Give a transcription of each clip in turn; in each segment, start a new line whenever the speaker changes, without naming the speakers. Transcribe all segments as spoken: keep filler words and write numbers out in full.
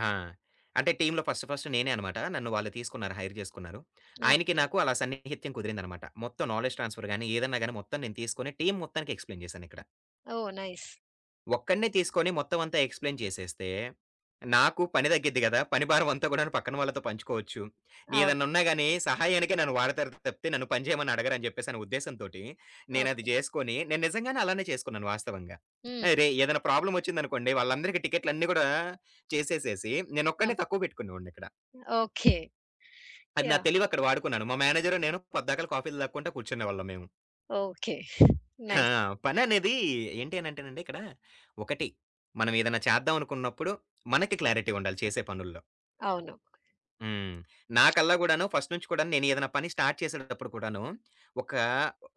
ఆ! అంటే టీమ్‌లో ఫస్ట్ ఫస్ట్ నేనే అన్నమాట. నన్ను వాళ్ళు తీసుకున్నారు హైర్ చేసుకున్నారు. ఆయనకి
ఓకే.
నాకు అలా సన్నిహిత్యం కుదిరిందన్నమాట. మొత్తం నాలెడ్జ్ ట్రాన్స్‌ఫర్ గాని ఏదైనా గాని మొత్తం నేను తీసుకొని టీమ్ మొత్తానికి ఎక్స్‌ప్లే‌యిన్ చేశానిక్కడ.
ఓహ్! నైస్.
ఒక్కడినే తీసుకొని మొత్తం అంతా ఎక్స్‌ప్లేయిన్ చేసేస్తే, నాకు పని తగ్గిద్ది గదా! పని భారం అంతా కూడాను పక్కన వాళ్ళతో పంచుకోవచ్చు.
అవును.
ఏదన్నున్నా‌గాని సహాయానికే నన్ను వాడతారు తప్పితే నన్ను పని చేయమని అడగరు అని చెప్పేసి అనే ఉద్దేశం తోటి నేనది
ఓకే.
చేసుకొని నేను నిజంగానే అలానే చేసుకున్నాను వాస్తవంగా.
హ్మ్.
ఆరేయ్! ఏదైనా ప్రాబ్లమ్ వచ్చిందనుకోండి వాళ్ళందరికి టికెట్లన్ని కూడా చేసేసేసి
ఓకే.
నేనొక్కడినే తక్కువ పెట్టుకునే వాడిని‌క్కడ.
ఓకే.
అది నా
యాహ్!
తెలివి అక్కడ వాడుకున్నాను. మా మేనేజరు నేను పద్దాకళ కాఫీలు తాగుకుంటా కూర్చునే వాళ్ళం మేము.
ఓకే.
ఆ!
నైస్.
పననేది ఏంటి అనేంటేనండి ఇక్కడ, ఒకటి మనం ఏదన్నా చేద్దాం అనుకున్నప్పుడు మనకి క్లారిటీ ఉండాలి చేసే పనుల్లో.
అవును.
హ్మ్. నాకల్లా గూడాను ఫస్ట్ నుంచి గూడా నేనేదన్నా పని స్టార్ట్ చేసేటప్పుడు కూడాను ఒక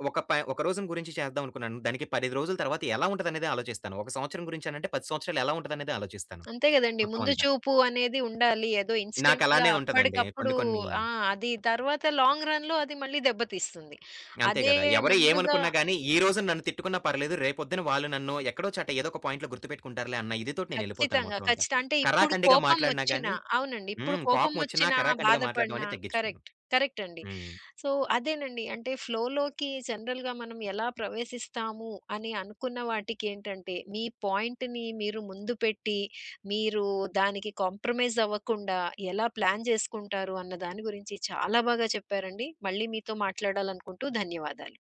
ఒక ప ఒక రోజుని గురించి చేద్దాం అనుకున్నాను. దానికి పది ఐదు రోజుల తరువాత ఎలా ఉంటదనేది ఆలోచిస్తాను. ఒక సంవత్సరం గురించి అనంటే పది సంవత్సరాలు ఎలా ఉంటదనేదే ఆలోచిస్తాను.
అంతే కదండీ.
మొత్తం
ముందు
అంతా.
చూపు అనేది ఉండాలి. ఏదో ఇన్‌స్టెంట్‌గా
నాకలానే ఉంటదండి
అప్పడికప్పుడు
కొన్ని, కొన్ని
ఆ! అది తర్వాత లాంగ్ రన్‌లో అది మళ్ళీ దెబ్బతీస్తుంది.
అంతే
అదే
గదా! ఎవరు
ముందుగా
ఏమనుకున్న గాని ఈ రోజున నన్ను తిట్టుకున్న పర్లేదు రేపొద్దున వాళ్ళు నన్ను ఎక్కడో చోట ఎదోక పాయింట్‌లో గుర్తుపెట్టుకుంటారులే అన్న ఇదితోటి నేనేళ్ళిపోతాను
ఖచ్చితంగా.
మొత్తం అంతా.
ఖచ్చితంగా. అంటే ఇప్పుడు
కరాకండిగా
కోపం
మాట్లాడిన
వచ్చినా
గాని
అవునండి. ఇప్పుడు
హ్మ్.
కోపం
కోపం ఒచ్చినా
వచ్చినా
కరాకండిగా మాట్లాడ్డం
బాధపడినా
అనేది తగ్గిచ్చుకోను.
కరెక్ట్, కరెక్ట్ అండి.
హ్మ్.
సో, అదేనండి అంటే ఫ్లో‌లోకి జనరల్‌గా మనం ఎలా ప్రవేశిస్తాము అని అనుకున్న వాటికేంటంటే మీ పాయింట్‌ని మీరు ముందు పెట్టి మీరు దానికి కాంప్రమైజ్ అవ్వకుండా ఎలా ప్లాన్ చేసుకుంటారు అన్న దాని గురించి చాలా బాగా చెప్పారండి. మళ్ళీ మీతో మాట్లాడాలనుకుంటూ ధన్యవాదాలు.